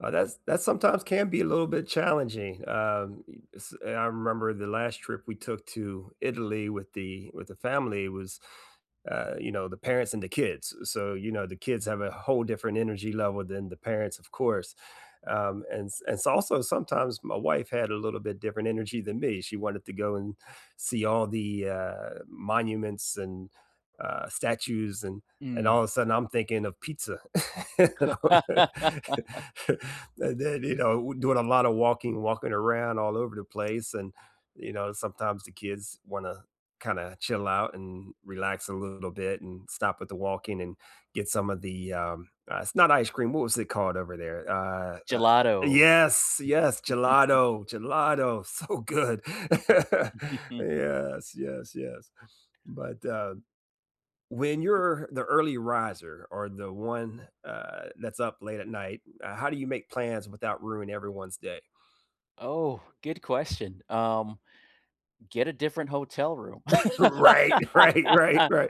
Uh, that's that sometimes can be a little bit challenging, um, y s I remember the last trip we took to Italy with the with the family was, uh, you know, the parents and the kids, so, you know, the kids have a whole different energy level than the parents, of course, um, and s and s it's also sometimes my wife had a little bit different energy than me. She wanted to go and see all the, uh, monuments and, uh, statues, and and Mm. all of a sudden I'm thinking of pizza. And then, you know, doing a lot of walking walking around all over the place, and, you know, sometimes the kids wanna kinda chill out and relax a little bit and stop with the walking and get some of the, um, uh, it's not ice cream, what was it called over there? Uh, Gelato. yes, yes! Gelato, gelato, so good! Yes, yes, yes, but, uh, when you're the early riser or the one, uh, that's up late at night, uh, how do you make plans without ruining everyone's day? Oh, good question, um, get a different hotel room. Right, right, right, right.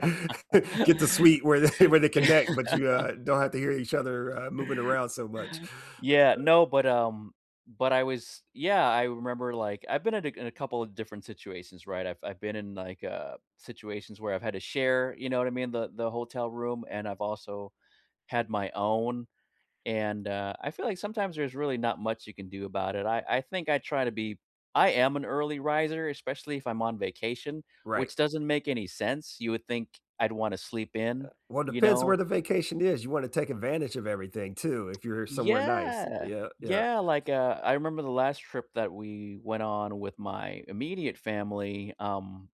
Get the suite where th where they Yeah. connect, but you, uh, don't have to hear each other, uh, moving around so much. Yeah, no, but, um, but I was yeah, I remember, like, I've been in a c in a couple of different situations, right? I've I've been in, like, uh, situations where I've had to share, you know what I mean, the the hotel room, and I've also had my own, and, uh, I feel like sometimes there's really not much you can do about it, I I think I try to be I am an early riser, especially if I'm on vacation, Right. which doesn't make any sense, you would think I'd want to sleep Uh, in, well, you depends where know? the vacation is, you wanna take advantage of everything too if you're somewhere nice. Yeah! Yeah, yeah. Yeah, like, uh, I remember the last trip that we went on with my immediate family, um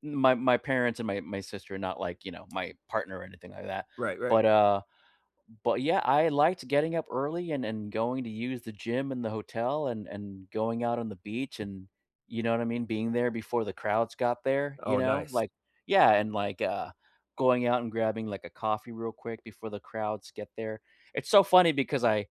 my my parents and my my sister, not like, you know, my partner or anything like that, Right, right. but, uh, but, yeah, I liked getting up early and and going to use the gym in the hotel and and going out on the beach and, you know what I mean? Being there before the crowds got there, you Oh, know? nice. Like yeah, and like, uh, going out and grabbing like a coffee real quick before the crowds get there. It's so funny because I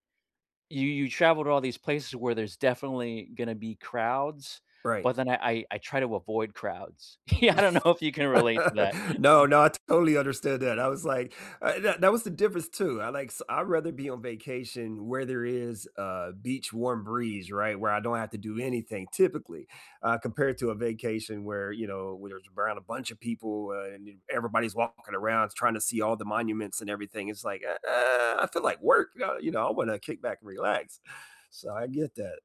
you you travel to all these places where there's definitely gonna be crowds, Right. but then I I I try to avoid crowds. Yeah, I don't know if you can relate to No, that. no, I totally understand that. I was like uh, that that was the difference too. I like s I'd rather be on vacation where there is a beach warm breeze, right, where I don't have to do anything typically, uh, compared to a vacation where, you know, where there's around a bunch of people, uh, and everybody's walking around, trying to see all the monuments and everything, it's like, "Uh, I feel at work," uh, you know, "I wanna kick back and relax," so I get that.